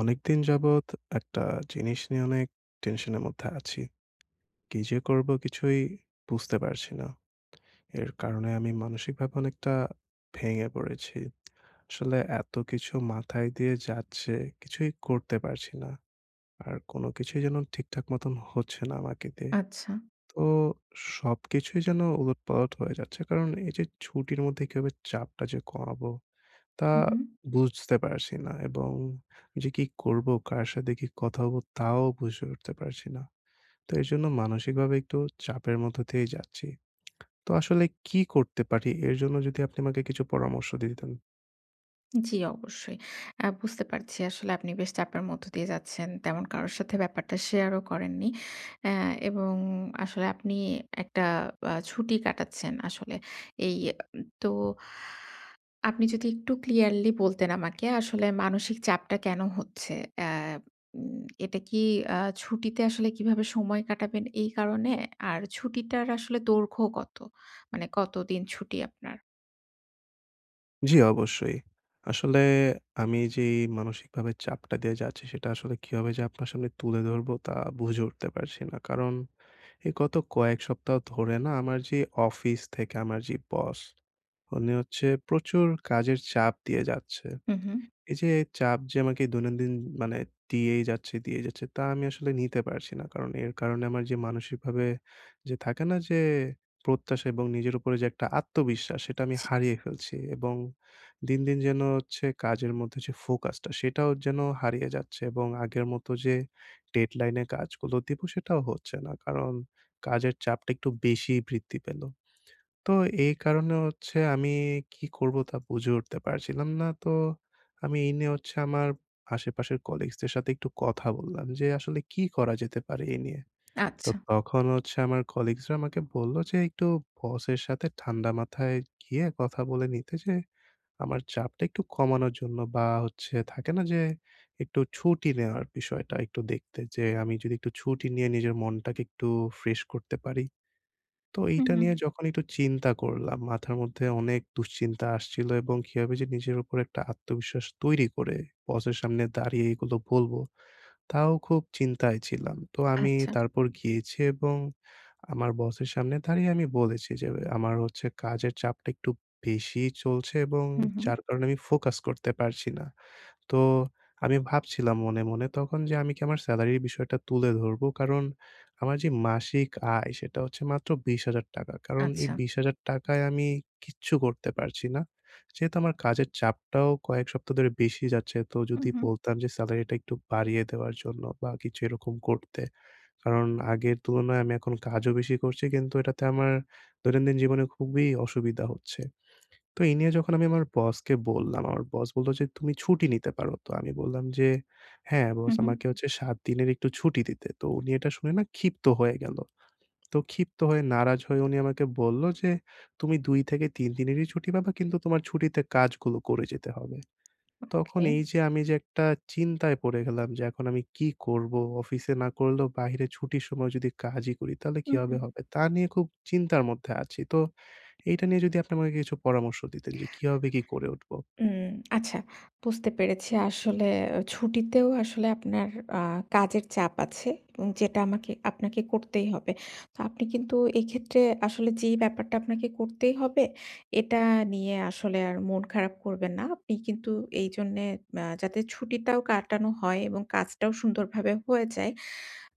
অনেকদিন যাবত একটা জিনিস নিয়ে অনেক টেনশন এর মধ্যে আছি। কী যে করবো, কিছুই বুঝতে পারছি না। এর কারণে, আমি মানসিক ভাবে অনেকটা ভেঙে পড়েছি। আসলে এত কিছু মাথায় দিয়ে যাচ্ছে, কিছুই করতে পারছি না। আর কোনো কিছুই যেন ঠিকঠাক মতন হচ্ছে না, আমাকে দিয়ে। আচ্ছা। তো, সবকিছুই যেন উলটপালট হয়ে যাচ্ছে। কারণ, এই যে ছুটির মধ্যে কিভাবে চাপটা যে কমাবো, তা উ হুম। বুঝতে পারছি না এবং যে কী করব, কার সাথে কী কথা বো তাও বুঝে উঠতে পারছি না। তো এর জন্য, মানসিক ভাবে একটু চাপের মধ্য দিয়েই যাচ্ছি। তো আসলে কী করতে পারি, এর জন্য যদি আপনি আমাকে কিছু পরামর্শ দিতেন। জ্বী। অবশ্যই। আ বুঝতে পারছি আসলে, আপনি বেশ চাপের মধ্য দিয়ে যাচ্ছেন। তেমন কারো সাথে ব্যাপারটা শেয়ারও করেননি। অ্যা- এবং আসলে আপনি একটা আ ছুটি কাটাচ্ছেন আসলে। এই এ তো, আপনি যদি একটু ক্লিয়ারলি বলতেন আমাকে, আসলে মানসিক চাপটা কেনো হচ্ছে? অ্যা উম এটা কী অ্যা ছুটিতে আসলে কিভাবে সময় কাটাবেন, এই কারণে? আর ছুটিটার আসলে দৈর্ঘ্য কত? মানে, কতদিন ছুটি আপনার? জ্বী, অবশ্যই। আসলে আমি যেই মানসিকভাবে চাপটা দিয়ে যাচ্ছি সেটা আসলে কিভাবে যে আপনার সামনে তুলে ধরবো তা বুঝে উঠতে পারছি না। কারণ এই গত কয়েক সপ্তাহ ধরে না আমার যে অফিস থেকে আমার যে বস উনি হচ্ছে প্রচুর কাজের চাপ দিয়ে যাচ্ছে। হুম, হুম। এই যে চাপ যে আমাকে দৈনন্দিন মানে দিয়েই যাচ্ছে, দিয়েই যাচ্ছে তা আমি আসলে নিতে পারছি না। কারণ এর কারণে আমার যে মানসিকভাবে যে থাকে না যে প্রত্যাশা এবং নিজের উপরে যে একটা আত্মবিশ্বাস সেটা আমি ছি। হারিয়ে ফেলছি। এবং দিন, দিন যেন হচ্ছে কাজের মধ্যে যে ফোকাসটা সেটাও যেন হারিয়ে যাচ্ছে এবং আগের মত যে ডেডলাইন কাজগুলো দিব সেটাও হচ্ছে না। কারণ কাজের চাপটা একটু বেশিই বৃদ্ধি পেলো। তো এই কারণে হচ্ছে আমি কী করবো তা বুঝে উঠতে পারছিলাম না। তো আমি এই নিয়ে হচ্ছে আমার আশেপাশের কলিগসদের সাথে একটু কথা বললাম যে "আসলে কী করা যেতে পারে এই নিয়ে?" তো আচ্ছা। তখন হচ্ছে আমার কলিগসরা আমাকে বললো যে একটু বসের সাথে ঠান্ডা মাথায় গিয়ে কথা বলে নিতে যে আমার চাপটা একটু কমানোর জন্য বা হচ্ছে থাকে না যে একটু ছুটি নেওয়ার বিষয়টা একটু দেখতে যে আমি যদি একটু ছুটি নিয়ে নিজের মনটাকে একটু ফ্রেশ করতে পারি। তো হুম, এইটা হুম। নিয়ে যখন একটু চিন্তা করলাম, মাথার মধ্যে অনেক দুশ্চিন্তা আসছিল এবং কিভাবে যে নিজের উপর একটা আত্মবিশ্বাস তৈরি করে বসের সামনে দাঁড়িয়ে এগুলো বলবো। তাও খুব চিন্তায় ছিলাম। তো আমি আচ্ছা। তারপর গিয়েছি এবং আমার বসের সামনে দাঁড়িয়ে আমি বলেছি যে এ "আমার হচ্ছে কাজের চাপটা একটু বেশিই চলছে এবং হুম, হুম। যার কারণে আমি ফোকাস করতে পারছি না।" তো আমি ভাবছিলাম মনে, মনে তখন যে আমি কি আমার সেলারির বিষয়টা তুলে ধরবো? কারণ আমার যে মাসিক আয় সেটা হচ্ছে মাত্র ৳২০,০০০। কারণ এই আচ্ছা। ৳২০,০০০ আমি কিচ্ছু করতে পারছি না। যেহেতু আমার কাজের চাপটাও কয়েক সপ্তাহ ধরে বেশি যাচ্ছে। তো হুম, যদি হুম। বলতাম যে সেলারিটা একটু বাড়িয়ে দেওয়ার জন্য বা কিছু এরকম করতে। কারণ আগের তুলনায় আমি এখন কাজও বেশি করছি কিন্তু এটাতে আমার দৈনন্দিন জীবনে খুবই অসুবিধা হচ্ছে। তো এই নিয়ে যখন আমি আমার বসকে বললাম, আমার বস বললো যে "তুমি ছুটি নিতে পারো।" তো আমি বললাম যে "হ্যাঁ বস হুম, হুম। আমাকে হচ্ছে ৭ দিনের একটু ছুটি দিতে।" তো উনি এটা শুনে না ক্ষিপ্ত হয়ে গেল। তো ক্ষিপ্ত হয়ে নারাজ হয়ে উনি আমাকে বললো যে "তুমি ২-৩ দিনেরই ছুটি পাবা কিন্তু তোমার ছুটিতে কাজগুলো করে যেতে হবে।" তখন ওকে। এই যে আমি যে একটা চিন্তায় পড়ে গেলাম, যে এখন আমি কি করবো অফিসে না করলেও বাহিরে ছুটির সময় যদি কাজই করি তাহলে হুম, কিভাবে হুম। হবে? তা নিয়ে খুব চিন্তার মধ্যে আছি। তো এইটা নিয়ে যদি আপনি আমাকে কিছু পরামর্শ দিতেন যে কিভাবে কি করে উঠবো। উম আচ্ছা বুঝতে পেরেছি। আসলে ছুটিতেও আসলে আপনার আ কাজের চাপ আছে। উ যেটা আমাকে আপনাকে করতেই হবে। তো আপনি কিন্তু এক্ষেত্রে আসলে যেই ব্যাপারটা আপনাকে করতেই হবে এটা নিয়ে আসলে আর মন খারাপ করবেন না। আপনি কিন্তু এইজন্যে আ যাতে ছুটিটাও কাটানো হয় এবং কাজটাও সুন্দরভাবে হয়ে যায়।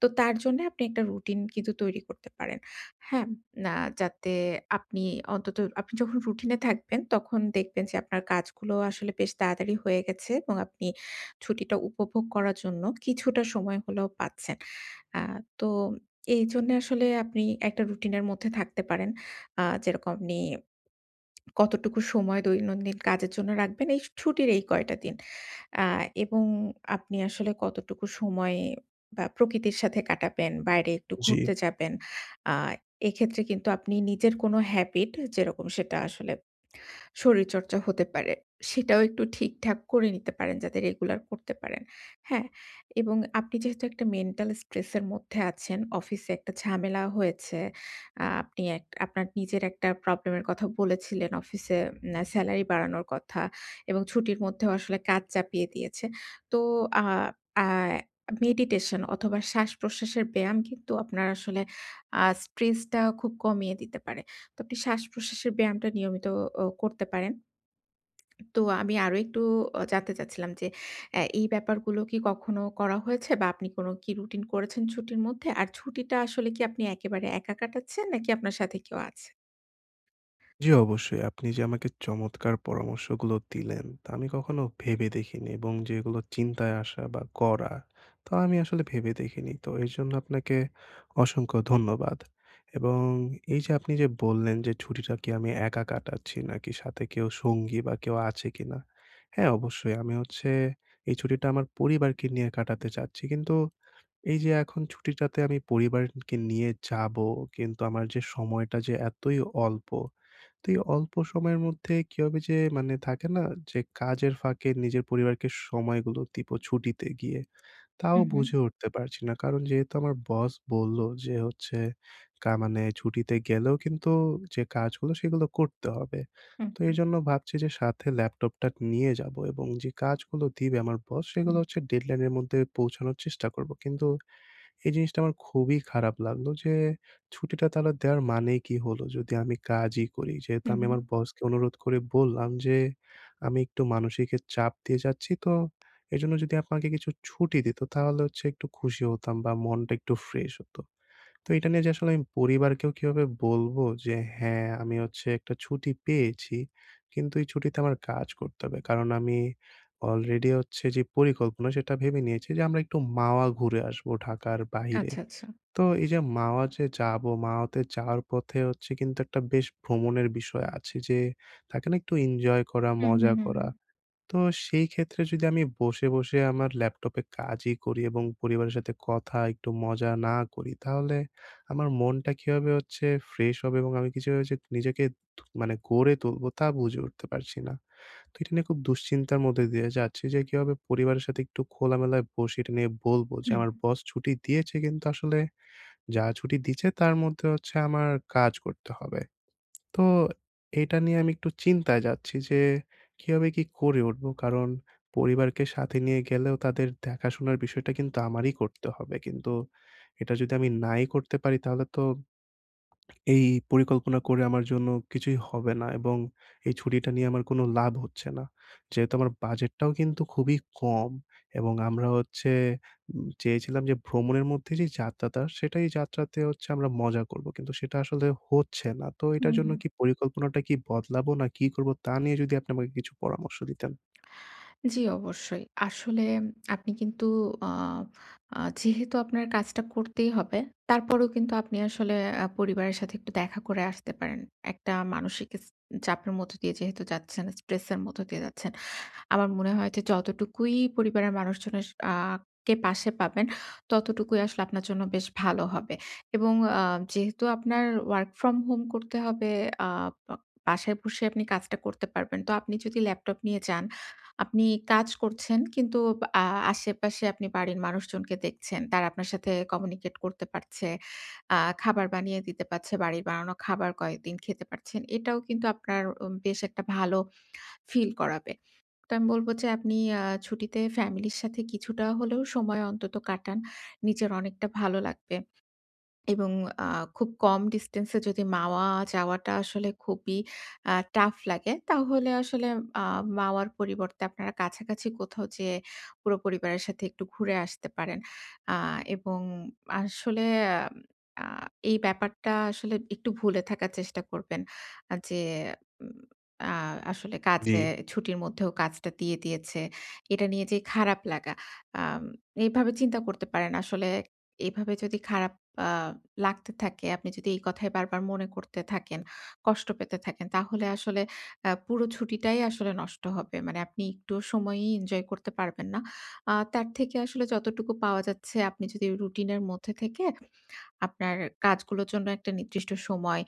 তো তার জন্য আপনি একটা রুটিন কিন্তু তৈরি করতে পারেন। হ্যাঁ? না যাতে আপনি অন্তত আপনি যখন রুটিনে থাকবেন তখন দেখবেন যে আপনার কাজগুলো আসলে বেশ তাড়াতাড়ি হয়ে গেছে আ এবং আপনি ছুটিটা উপভোগ করার জন্য কিছুটা সময় হলেও পাচ্ছেন। আ তো এইজন্য আসলে আপনি একটা রুটিনের মধ্যে থাকতে পারেন। আ যেরকম আপনি কতটুকু সময় দৈনন্দিন কাজের জন্য রাখবেন এই স ছুটির এই কয়টা দিন। আ এবং আপনি আসলে কতটুকু সময় বা প্রকৃতির সাথে কাটাবেন, বাইরে একটু জ্বী। ঘুরতে যাবেন। আ এক্ষেত্রে কিন্তু আপনি নিজের কোন হ্যাবিট হে যেরকম সেটা আসলে শরীরচর্চা হতে পারে। সেটাও একটু ঠিকঠাক করে নিতে পারেন যাতে রেগুলার করতে পারেন। হ্যাঁ? এবং আপনি যেহেতু একটা মেন্টাল স্ট্রেস এর মধ্যে আছেন। অফিসে একটা ঝামেলা হয়েছে। আ আপনি এক আপনার নিজের একটা প্রবলেম এর কথা বলেছিলেন অফিসে আ সেলারি বাড়ানোর কথা। এবং ছুটির মধ্যেও আসলে কাজ চাপিয়ে দিয়েছে। তো আে আ মেডিটেশন অথবা শ্বাসপ্রশ্বাসের ব্যায়াম কিন্তু আপনার আসলে আ স্ট্রেসটা খুব কমিয়ে দিতে পারে। তো আপনি শ্বাসপ্রশ্বাসের ব্যায়ামটা নিয়মিত অ করতে পারেন। তো আমি আরো একটু অ জানতে চাচ্ছিলাম যে আ এই ব্যাপারগুলো কি কখনো করা হয়েছে বা আপনি কোন কি রুটিন করেছেন ছুটির মধ্যে? আর ছুটিটা আসলে কি আপনি একেবারে একা কাটাচ্ছেন নাকি আপনার সাথে কেউ আছে? জি, অবশ্যই। আপনি যে আমাকে চমৎকার পরামর্শ গুলো দিলেন, তা আমি কখনো ভেবে দেখিনি। এবং যেগুলো চিন্তায় আসা বা করা, তা আমি আসলে ভেবে দেখিনি। তো এর জন্য আপনাকে, অসংখ্য ধন্যবাদ। এবং এইযে আপনি যে বললেন যে ছুটিটা কি আমি একা কাটাচ্ছি নাকি সাথে কেউ সঙ্গী বা কেউ আছে কিনা। হ্যাঁ, অবশ্যই আমি হচ্ছে এই ছুটিটা আমার পরিবারকে নিয়ে কাটাতে চাচ্ছি। কিন্তু এইযে, এখন ছুটিটাতে আমি পরিবারকে নিয়ে যাবো কিন্তু আমার যে সময়টা যে এতই অল্প, তো অল্প সময়ের মধ্যে কিভাবে যে মানে থাকে না যে কাজের ফাঁকে নিজের পরিবারকে সময়গুলো দিবো ছুটিতে গিয়ে। তাও উহু। বুঝে উঠতে পারছি না। কারণ যেহেতু আমার বস বললো যে হচ্ছে, কা মানে ছুটিতে গেলেও কিন্তু যে কাজগুলো সেগুলো করতে হবে। হু, তো হু। এজন্য ভাবছি যে সাথে ল্যাপটপটা নিয়ে যাবো, এবং যে কাজগুলো দিবে আমার বস সেগুলো হু। হচ্ছে ডেডলাইনের মধ্যে পৌঁছানোর চেষ্টা করবো। কিন্তু এই জিনিসটা আমার খুবই খারাপ লাগলো যে, ছুটিটা তাহলে দেওয়ার মানেই কি হলো যদি আমি কাজই করি। যেহেতু হু, আমি আমার হু। বসকে অনুরোধ করে বললাম যে, আমি একটু মানসিক চাপ দিয়ে যাচ্ছি তো! এজন্য যদি আপনাকে কিছু ছুটি দিত তাহলে হচ্ছে একটু খুশি হতাম বা মনটা একটু ফ্রেশ হত। তো এটা নিয়ে যে আসলে আমি পরিবারকেও কিভাবে বলবো যে হ্যাঁ, আমি হচ্ছে একটা ছুটি পেয়েছি। কিন্তু এই ছুটিতে আমার কাজ করতে হবে। কারণ আমি অলরেডি হচ্ছে যে পরিকল্পনা সেটা ভেবে নিয়েছি যে আমরা একটু মাওয়া ঘুরে আসবো ঢাকার বাহিরে। আচ্ছা, আচ্ছা। তো এইযে মাওয়া যে যাবো মাওয়াতে যাওয়ার পথে হচ্ছে কিন্তু একটা বেশ ভ্রমণের বিষয় আছে যে, থাকে না একটু এনজয় করা, উ হু, মজা হু, হু। করা? তো সেই ক্ষেত্রে যদি আমি বসে, বসে, আমার ল্যাপটপে কাজই করি এবং পরিবারের সাথে কথা, একটু মজা না করি তাহলে আমার মনটা কীভাবে হচ্ছে ফ্রেশ হবে এবং আমি [unintelligible] যে নিজেকে মানে গড়ে তুলবো তা বুঝে উঠতে পারছি না। তো এটা নিয়ে খুব দুশ্চিন্তার মধ্যে দিয়ে যাচ্ছি যে কীভাবে পরিবারের সাথে একটু খোলামেলায় বসে এটা নিয়ে বলবো যে, হুম। আমার বস ছুটি দিয়েছে কিন্তু আসলে, যা ছুটি দিছে তার মধ্যে হচ্ছে আমার কাজ করতে হবে। তো এটা নিয়ে আমি একটু চিন্তায় যাচ্ছি যে, কিভাবে কি করে উঠবো? কারণ পরিবারকে সাথে নিয়ে গেলেও তাদের দেখাশোনার বিষয়টাট কিন্তু আমারই করতে হবে। কিন্তু এটা যদি আমি নাই করতে পারি তাহলে তো, এই পরিকল্পনা করে আমার জন্য কিছুই হবে না এবং এই ছুটিটা নিয়ে আমার কোন লাভ হচ্ছে না। যেহেতু আমার বাজেটটাও কিন্তু খুবই কম এবং আমরা হচ্ছে উম চেয়েছিলাম যে ভ্রমণের মধ্যে যে যাত্রাটা সেটাই যাত্রাতে হচ্ছে আমরা মজা করবো। কিন্তু সেটা আসলে হচ্ছে না। তো হু, এটার জন্য হু। কি পরিকল্পনাটা কি বদলাবো না কি করব তা নিয়ে যদি আপনি আমাকে কিছু পরামর্শ দিতেন। জি, অবশ্যই। আসলে আপনি কিন্তু আ আ যেহেতু আপনার কাজটা করতেই হবে, তারপরেও কিন্তু আপনি আসলে আ পরিবারের সাথে একটু দেখা করে আসতে পারেন। একটা মানসিক ইস চাপের মধ্য দিয়ে যেহেতু যাচ্ছেন, স্ট্রেসের মধ্য দিয়ে যাচ্ছেন। আমার মনে হয় যে যতটুকুই পরিবারের মানুষজনের আ কে পাশে পাবেন, ততটুকুই আসলে আপনার জন্য বেশ ভালো হবে। এবং আ যেহেতু আপনার ওয়ার্ক ফ্রম হোম করতে হবে, আ বা বাসায় বসে আপনি কাজটা করতে পারবেন। তো আপনি যদি ল্যাপটপ নিয়ে যান, আপনি কাজ করছেন কিন্তু আ আশেপাশে আপনি বাড়ির মানুষজনকে দেখছেন। তারা আপনার সাথে কমিউনিকেট করতে পারছে। আ খাবার বানিয়ে দিতে পাচ্ছে, বাড়ির বানানো খাবার কয়েকদিন খেতে পারছেন। এটাও কিন্তু আপনার উম বেশ একটা ভালো ফিল করাবে। তো আমি বলব যে আপনি আ ছুটিতে ফ্যামিলির সাথে কিছুটা হলেও সময় অন্তত কাটান। নিজের অনেকটা ভালো লাগবে। এবং আ খুব কম ডিসট্যান্স এ যদি মাওয়া যাওয়াটা আসলে খুবই আ টাফ লাগে, তাহলে আসলে আ মাওয়ার পরিবর্তে আপনারা কাছাকাছি কোথাও যেয়ে পুরো পরিবারের সাথে একটু ঘুরে আসতে পারেন। আ এবং আসলে আ এই ব্যাপারটা আসলে একটু ভুলে থাকার চেষ্টা করবেন, আ যে উম আ- আসলে কাজে জি। ছুটির মধ্যেও কাজটা দিয়ে দিয়েছে। এটা নিয়ে যে খারাপ লাগা। আম এভাবে চিন্তা করতে পারেন। আসলে এভাবে যদি খারাপ আ লাগতে থাকে, আপনি যদি এই কথাই বারবার মনে করতে থাকেন, কষ্ট পেতে থাকেন তাহলে আসলে আ পুরো ছুটিটাই আসলে নষ্ট হবে। মানে আপনি একটু সময়ই এনজয় করতে পারবেন না। আ তার থেকে আসলে যতটুকু পাওয়া যাচ্ছে আপনি যদি রুটিনের মধ্যে থেকে, আপনার কাজগুলোর জন্য একটা নির্দিষ্ট সময়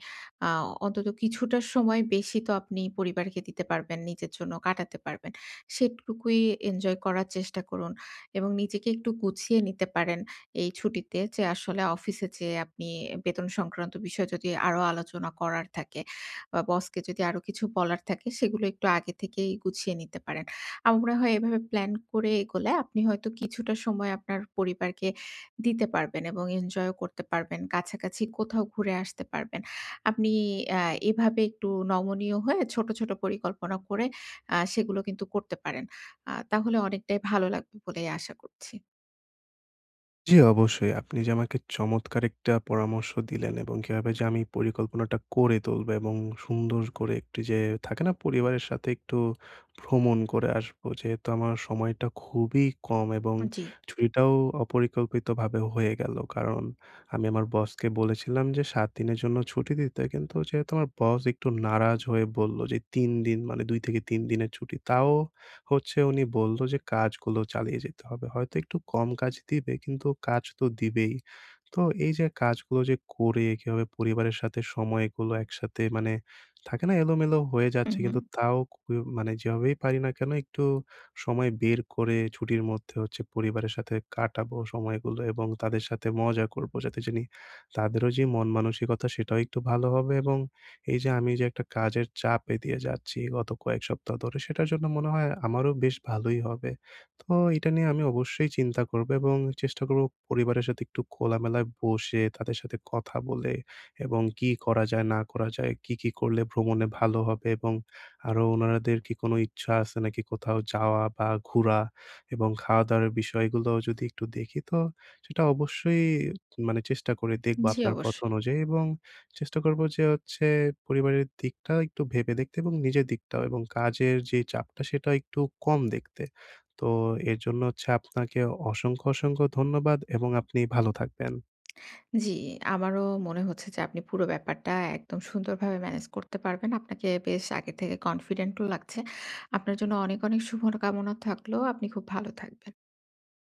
আ অন্তত কিছুটা সময় বেশি তো আপনি পরিবারকে দিতে পারবেন নিজের জন্য কাটাতে পারবেন। সেটুকুই এনজয় করার চেষ্টা করুন। এবং নিজেকে একটু গুছিয়ে নিতে পারেন এই ছুটিতে, যে আসলে অফিসে যেয়ে আপনি বেতন সংক্রান্ত বিষয়ে যদি আরো আলোচনা করার থাকে। বা বসকে যদি আরো কিছু বলার থাকে সেগুলো একটু আগে থেকেই গুছিয়ে নিতে পারেন। আমার মনে হয় এভাবে প্লান করে এগোলে আপনি হয়তো কিছুটা সময় আপনার পরিবারকে দিতে পারবেন এবং এনজয়ও করতে পারবেন। কাছাকাছি কোথাও ঘুরে আসতে পারবেন। আপনি আ এভাবে একটু নমনীয় হয়ে ছোট, ছোট, পরিকল্পনা করে, আ সেগুলো কিন্তু করতে পারেন। আ তাহলে অনেকটাই ভালো লাগবে বলেই আশা করছি। জ্বি, অবশ্যই। আপনি যে আমাকে চমৎকার একটা পরামর্শ দিলেন এবং কিভাবে যে আমি পরিকল্পনাটা করে তুলবো এবং সুন্দর করে একটু যে থাকে না, পরিবারের সাথে একটু ভ্রমণ করে আসবো। যেহেতু আমার সময়টা খুবই কম এবং আ জ্বি। ছুটিটাও অপরিকল্পিতভাবে হয়ে গেলো। কারণ আমি আমার বসকে বলেছিলাম যে, "৭ দিনের জন্য ছুটি দিতে।" কিন্তু যেহেতু আমার বস একটু নারাজ হয়ে বললো যে, "৩ দিন।" মানে ২ থেকে ৩ দিনের ছুটি। তাও হচ্ছে উনি বললো যে, "কাজগুলো চালিয়ে যেতে হবে।" হয়তো একটু কম কাজ দিবে, কিন্তু কাজ তো দিবেই। তো, এই যে কাজগুলো যে করে, কিভাবে পরিবারের সাথে সময়গুলো একসাথে, মানে থাকে না, এলোমেলো হয়ে হু, যাচ্ছে কিন্তু হু। তাও ক মানে যেভাবেই পারি না কেনো, একটু সময় বের করে ছুটির মধ্যে হচ্ছে পরিবারের সাথে কাটাবো সময়গুলো এবং তাদের সাথে মজা করবো। যাতে জানি তাদেরও যে মনমানসিকতা, সেটাও একটু ভালো হবে। এবং এই যে আমি যে একটা কাজের চাপে দিয়ে যাচ্ছি, গত কয়েক সপ্তাহ ধরে, সেটার জন্য মনে হয় আমারও বেশ ভালোই হবে। তো, এটা নিয়ে আমি অবশ্যই চিন্তা করবো এবং চেষ্টা করবো পরিবারের সাথে একটু খোলামেলায় বসে, তাদের সাথে কথা বলে এবং কী করা যায়, না করা যায়। কী কী করলে ভ্রমণে ভালো হবে এবং আরও ওনাদের কি কোনো ইচ্ছা আছে নাকি কোথাও যাওয়া বা ঘুরা, এবং খাওয়া-দাওয়ার বিষয়গুলোও যদি একটু দেখি, তো সেটা অবশ্যই মানে চেষ্টা করে দেখবো জ্বি, আপনার অবশ্যই। কথা অনুযায়ী। এবং চেষ্টা করবো যে হচ্ছে, পরিবারের দিকটা একটু ভেবে দেখতে এবং নিজের দিকটাও এবং কাজের যে চাপটা, সেটাও একটু কম দেখতে। তো, এর জন্য হচ্ছে, আপনাকে অসংখ্য, অসংখ্য ধন্যবাদ এবং আপনি ভালো থাকবেন। জ্বি, আমারও মনে হচ্ছে যে আপনি পুরো ব্যাপারটা একদম সুন্দরভাবে মেনেজ করতে পারবেন। আপনাকে বেশ আগে থেকে কনফিডেন্ট ও লাগছে। আপনার জন্য অনেক অনেক শুভ ন কামনা থাকলো, আপনি খুব ভালো থাকবেন।